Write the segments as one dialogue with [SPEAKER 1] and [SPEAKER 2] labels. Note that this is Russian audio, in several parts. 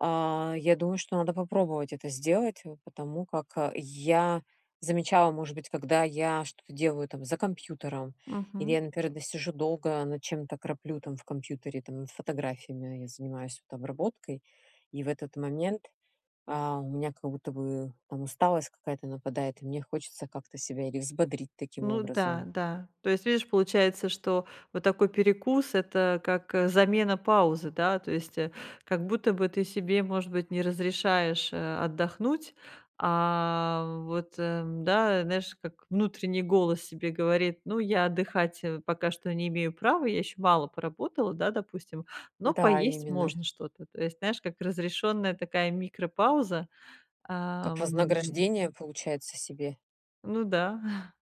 [SPEAKER 1] А, я думаю, что надо попробовать это сделать, э, потому как, э, я замечала, может быть, когда я что-то делаю там за компьютером, или
[SPEAKER 2] Мгм.
[SPEAKER 1] я, например, досижу долго над чем-то, краплю там в компьютере там над фотографиями, я занимаюсь вот обработкой, и в этот момент, а, у меня как будто бы там усталость какая-то нападает, и мне хочется как-то себя или взбодрить таким
[SPEAKER 2] Ну да,
[SPEAKER 1] образом.
[SPEAKER 2] да. То есть, видишь, получается, что вот такой перекус- это как, э, замена паузы, да, то есть, э, как будто бы ты себе, может быть, не разрешаешь, э, отдохнуть, а вот, э, да, знаешь, как внутренний голос себе говорит: "Ну, я отдыхать, э, пока что не имею права, я ещё мало поработала,- да, допустим,- но
[SPEAKER 1] Да,
[SPEAKER 2] поесть
[SPEAKER 1] именно.
[SPEAKER 2] можно что-то". То есть, знаешь, как разрешённая такая микропауза,
[SPEAKER 1] Как
[SPEAKER 2] ам
[SPEAKER 1] вознаграждение, получается, себе?
[SPEAKER 2] Ну да.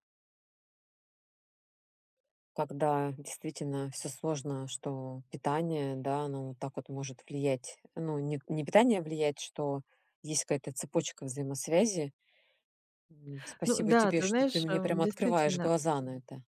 [SPEAKER 1] Когда действительно всё сложно, что питание, да, оно вот так вот может влиять. Ну, не не питание влияет, что есть какая-то цепочка взаимосвязи. М,
[SPEAKER 2] Ну
[SPEAKER 1] спасибо
[SPEAKER 2] да,
[SPEAKER 1] тебе,
[SPEAKER 2] ты
[SPEAKER 1] что ты
[SPEAKER 2] знаешь,
[SPEAKER 1] мне
[SPEAKER 2] э,
[SPEAKER 1] прям открываешь
[SPEAKER 2] действительно.
[SPEAKER 1] глаза на это.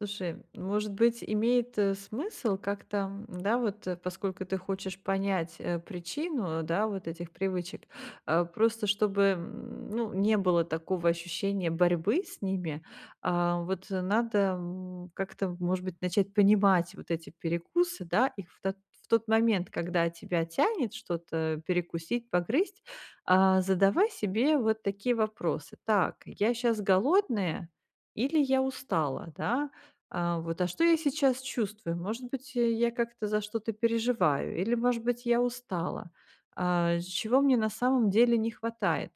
[SPEAKER 2] Слушай, может быть, имеет, э, смысл как-то, да, вот, э, поскольку ты хочешь понять, э, причину, да, вот этих привычек, а, просто чтобы, м, ну, не было такого ощущения борьбы с ними, а, вот надо, м, как-то, может быть, начать понимать вот эти перекусы, да, их в то в тот момент, когда тебя тянет что-то перекусить, погрызть, а, задавай себе вот такие вопросы: "Так, я щас голодная или я устала?" Да? А, вот: "А что я сейчас чувствую? Может быть, э, я как-то за что-то переживаю? Или, может быть, я устала? А, чего мне на самом деле не хватает?"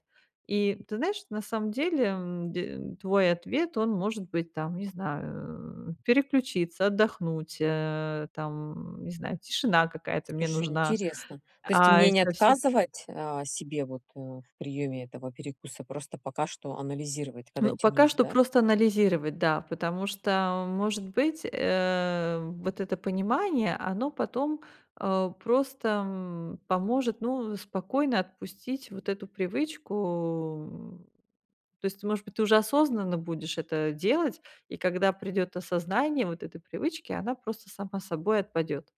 [SPEAKER 2] И ты знаешь, на самом деле, м, де твой ответ, он может быть там, не знаю, переключиться, отдохнуть, э, там, не знаю, тишина какая-то мне
[SPEAKER 1] Слушай,
[SPEAKER 2] нужна,
[SPEAKER 1] интересно. То есть
[SPEAKER 2] а, и
[SPEAKER 1] мне не
[SPEAKER 2] совсе
[SPEAKER 1] отказывать, а, себе вот, э, в приёме этого перекуса, просто пока что анализировать, когда
[SPEAKER 2] Ну, пока
[SPEAKER 1] тянусь,
[SPEAKER 2] что
[SPEAKER 1] да?
[SPEAKER 2] просто анализировать, да, потому что, может быть, э, вот это понимание, оно потом, а, просто, м, поможет, ну, спокойно отпустить вот эту привычку, м. То есть ты, может быть, ты уже осознанно будешь это делать, и когда придёт осознание вот этой привычки, она просто сама собой отпадёт.